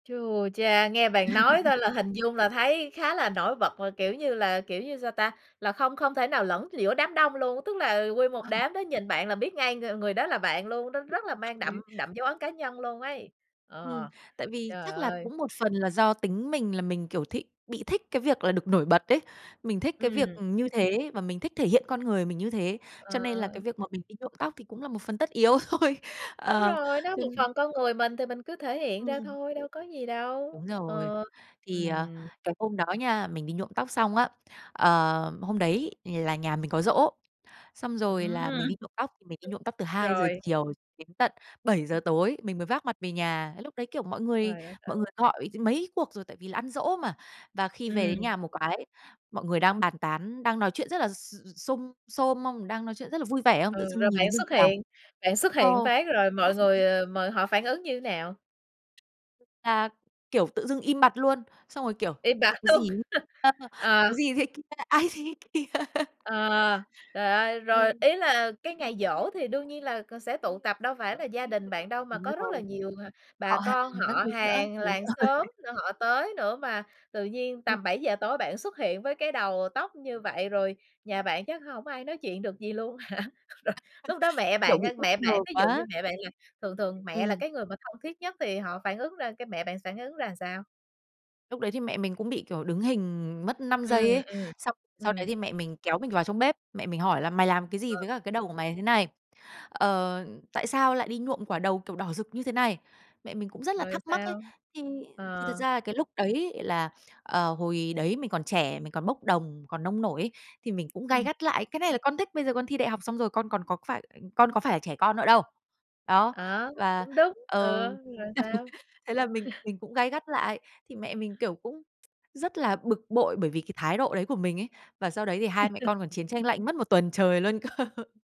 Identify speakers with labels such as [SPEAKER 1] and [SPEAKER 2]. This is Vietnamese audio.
[SPEAKER 1] Chu cha! Nghe bạn nói thôi là hình dung là thấy khá là nổi bật là kiểu như là kiểu như sao ta? Là không không thể nào lẫn giữa đám đông luôn, tức là nguyên một
[SPEAKER 2] Ờ.
[SPEAKER 1] đám đó nhìn bạn là biết ngay ng người đó là bạn luôn, nó rất là mang đậm
[SPEAKER 2] [unintelligible]
[SPEAKER 1] đậm dấu ấn cá nhân luôn ấy.
[SPEAKER 2] Ừm.
[SPEAKER 1] Ờ.
[SPEAKER 2] Tại vì
[SPEAKER 1] Trời
[SPEAKER 2] chắc là
[SPEAKER 1] ơi!
[SPEAKER 2] cũng một phần là do tính mình là mình, kiểu, th bị thích cái việc là được nổi bật ấy, mình thích cái việc,
[SPEAKER 1] Ừm.
[SPEAKER 2] ừm, như thế, và mình thích thể hiện con người mình như thế. Cho nên là cái
[SPEAKER 1] Ờ.
[SPEAKER 2] việc mà mình đi nhuộm tóc thì cũng là một phần tất yếu thôi.
[SPEAKER 1] Đúng
[SPEAKER 2] Ờ,
[SPEAKER 1] rồi. Nó
[SPEAKER 2] cho
[SPEAKER 1] một phần
[SPEAKER 2] nên
[SPEAKER 1] con người mình, thì mình cứ thể hiện ra
[SPEAKER 2] Ừm.
[SPEAKER 1] thôi, đâu có gì đâu.
[SPEAKER 2] Đúng rồi.
[SPEAKER 1] Ờ.
[SPEAKER 2] Thì, à,
[SPEAKER 1] Ừm.
[SPEAKER 2] cái hôm đó nha, mình đi nhuộm tóc xong á, ờ, hôm đấy là nhà mình có giỗ, xong rồi là mình đi
[SPEAKER 1] Ừm.
[SPEAKER 2] nhuộm tóc. Thì mình đi nhuộm tóc từ 2:00
[SPEAKER 1] Rồi.
[SPEAKER 2] chiều đến tận 7:00
[SPEAKER 1] Ư.
[SPEAKER 2] tối, mình mới vác mặt về nhà. Lúc đấy, kiểu, mọi người
[SPEAKER 1] Trời đất
[SPEAKER 2] mọi người
[SPEAKER 1] ơi!
[SPEAKER 2] gọi mấy cuộc rồi, tại vì là ăn giỗ mà. Và khi về đến
[SPEAKER 1] Ừm.
[SPEAKER 2] nhà một cái, mọi người đang bàn tán, đang nói chuyện rất là x x xung, xôm không, đang nói chuyện rất là vui vẻ không,
[SPEAKER 1] Ừ,
[SPEAKER 2] tự dưng
[SPEAKER 1] rồi
[SPEAKER 2] nhìn thấy
[SPEAKER 1] bạn
[SPEAKER 2] mình
[SPEAKER 1] xuất
[SPEAKER 2] vào
[SPEAKER 1] hiện bạn xuất
[SPEAKER 2] ờ.
[SPEAKER 1] hiện phát rồi mọi người, ờ, m họ phản ứng như thế nào?
[SPEAKER 2] À, kiểu tự dưng im bặt luôn, xong rồi kiểu:
[SPEAKER 1] Im bặt
[SPEAKER 2] "Ôi, cái
[SPEAKER 1] luôn.
[SPEAKER 2] gì ấy?", ờ, "Cái
[SPEAKER 1] Ờ.
[SPEAKER 2] gì thế kia?", Ai thế kia?"
[SPEAKER 1] Ờ. Trời ơi! Rồi
[SPEAKER 2] Ừm.
[SPEAKER 1] ý là cái ngày giỗ thì đương nhiên là c sẽ tụ tập, đâu phải là gia đình bạn đâu, mà
[SPEAKER 2] Đúng
[SPEAKER 1] có rất là
[SPEAKER 2] rồi.
[SPEAKER 1] nhiều, à, bà
[SPEAKER 2] Họ
[SPEAKER 1] con,
[SPEAKER 2] hàng các
[SPEAKER 1] họ
[SPEAKER 2] thứ nữa.
[SPEAKER 1] hàng,
[SPEAKER 2] Đúng
[SPEAKER 1] làng xóm
[SPEAKER 2] rồi.
[SPEAKER 1] nữa, họ tới nữa mà tự nhiên
[SPEAKER 2] Ừm.
[SPEAKER 1] tầm 7:00 tối bạn xuất hiện với cái đầu tóc như vậy, rồi nhà bạn chắc hổng ai nói chuyện được gì luôn hả? Lúc đó mẹ
[SPEAKER 2] Kiểu
[SPEAKER 1] bạn,
[SPEAKER 2] bị
[SPEAKER 1] ơ,
[SPEAKER 2] bất
[SPEAKER 1] mẹ
[SPEAKER 2] ngờ
[SPEAKER 1] bạn, ví dụ như
[SPEAKER 2] quá.
[SPEAKER 1] mẹ bạn là thường thường mẹ là
[SPEAKER 2] Ừm.
[SPEAKER 1] cái người mà thân thiết nhất, thì họ phản ứng ra cái mẹ bạn phản ứng ra sao?
[SPEAKER 2] Lúc đấy thì mẹ mình cũng bị, kiểu, đứng hình mất 5
[SPEAKER 1] Ừm,
[SPEAKER 2] giây ấy,
[SPEAKER 1] ừm.
[SPEAKER 2] xong sau đấy
[SPEAKER 1] Ừm.
[SPEAKER 2] thì mẹ mình kéo mình vào trong bếp, mẹ mình hỏi là: "Mày làm cái gì
[SPEAKER 1] Ờ.
[SPEAKER 2] với cả cái đầu của mày thế này?", ờ, "Tại sao lại đi nhuộm quả đầu, kiểu, đỏ rực như thế này?" Mẹ mình cũng rất là
[SPEAKER 1] Rồi
[SPEAKER 2] thắc mắc ấy.
[SPEAKER 1] sao?
[SPEAKER 2] Thì thì thật
[SPEAKER 1] Ờ.
[SPEAKER 2] ra là cái lúc đấy là, ờ, hồi đấy mình còn trẻ, mình còn bốc đồng, còn nông nổi ấy, thì mình cũng gay
[SPEAKER 1] Ừm.
[SPEAKER 2] gắt lại: "Cái này là con thích, bây giờ con thi đại học xong rồi con còn có phải, ờ, con có phải là trẻ con nữa đâu". Đó,
[SPEAKER 1] Ờ,
[SPEAKER 2] và
[SPEAKER 1] cũng đúng.
[SPEAKER 2] ừ,
[SPEAKER 1] Ừ, rồi sao?
[SPEAKER 2] thế là mình mình cũng gay gắt lại, thì mẹ mình, kiểu, cũng rất là bực bội bởi vì cái thái độ đấy của mình ấy, và sau đấy thì hai mẹ con còn chiến tranh lạnh mất 1 tuần trời luôn cơ.